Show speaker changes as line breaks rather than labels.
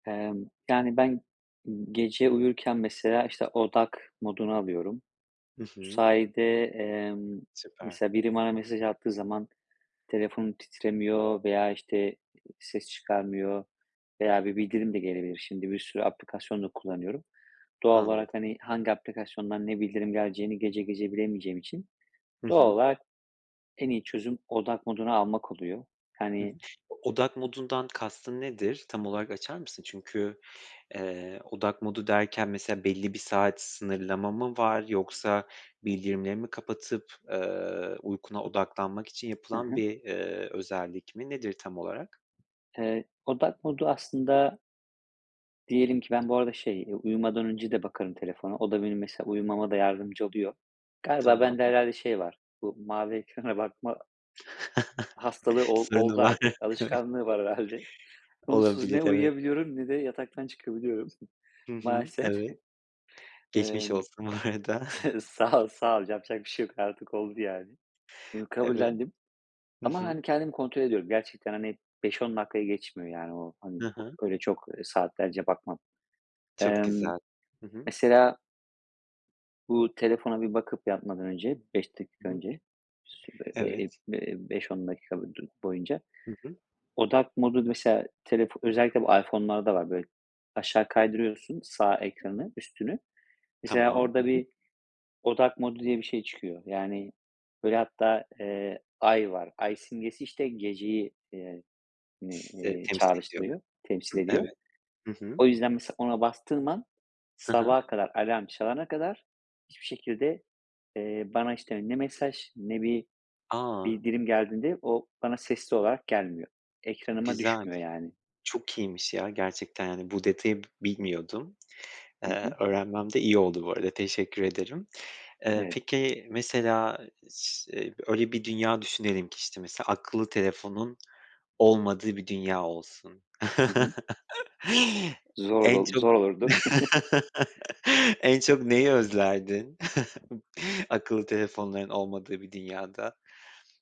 Emm, yani, ben, ımm, gece uyurken mesela, işte, odak moduna alıyorum.
Hı
Bu
hı.
sayede, emm,
Süper.
mesela biri bana mesaj attığı zaman telefonum titremiyor veya, işte, ııı, ses çıkarmıyor veya bir bildirim de gelebilir. Şimdi bir sürü aplikasyon da kullanıyorum. Doğal
Anladım.
olarak, hani, hangi aplikasyondan ne bildirim geleceğini gece gece bilemeyeceğim için
Hı
doğal
hı.
olarak en iyi çözüm odak moduna almak oluyor.
Hı hı.
Hani
Odak modundan kastın nedir? Tam olarak açar mısın? Çünkü, eee, odak modu derken mesela belli bir saat sınırlama mı var yoksa bildirimleri mi kapatıp, eee, uykuna odaklanmak için
Hı
yapılan
hı.
bir, eee, özellik mi nedir tam olarak?
Eee, odak modu aslında Diyelim ki ben bu arada şey, eee, uyumadan önce de bakarım telefona. O da benim mesela uyumama da yardımcı oluyor. Galiba
Tamam.
bende
Hı hı.
herhâlde şey var. Bu mavi ekrana bakma hastalığı ol
Sorunu
oldu
var.
artık.
Evet.
Alışkanlığı var herhâlde. Onsuz
Olabilir,
ne
evet.
uyuyabiliyorum ne de yataktan çıkabiliyorum
Hı hı.
maalesef.
Evet. Geçmiş
Emm,
olsun bu arada.
sağ ol, sağ ol. Yapacak bir şey yok artık oldu yani. Bunu
Evet.
kabullendim
Hı
ama
hı.
hani kendimi kontrol ediyorum. Gerçekten, hani, 5-10 dakikayı geçmiyor yani o, hani,
Hı hı.
öyle çok, ııı, saatlerce bakmam.
Çok
Emm,
güzel. Hı hı.
mesela bu telefona bir bakıp yatmadan önce 5 dakika
Hı hı.
önce sü be be eee,
Evet.
be eee, 5-10 dakika du boyunca
Hı hı.
odak modu mesela telefon özellikle bu iPhone'larda var böyle aşağı kaydırıyorsun sağ ekranı üstünü mesela
Tamam.
orada
Hı hı.
bir odak modu diye bir şey çıkıyor yani böyle hatta, eee, ay var ay simgesi, işte, geceyi, eee, ni
[unintelligible]
eee,
Temsil ediyor.
çağrıştırıyor, temsil
Hı,
ediyor.
evet. Hı hı.
O yüzden mesela ona bastığım an
Hı hı.
sabaha kadar alarm çalana kadar hiçbir şekilde, eee, bana, işte, ne mesaj ne bir
A!
bildirim geldiğinde o bana sesli olarak gelmiyor. Ekranıma
Güzel,
düşmüyor yani.
çok iyiymiş ya gerçekten yani bu detayı b bilmiyordum.
Hı
Eee,
hı.
öğrenmem de iyi oldu bu arada teşekkür ederim. Eee,
Evet.
peki mesela s ııı, öyle bir dünya düşünelim ki, işte, mesela akıllı telefonun olmadığı bir dünya olsun.
Hı hı. Zor
En
olur,
çok
zor olurdu.
en çok neyi özlerdin akıllı telefonların olmadığı bir dünyada?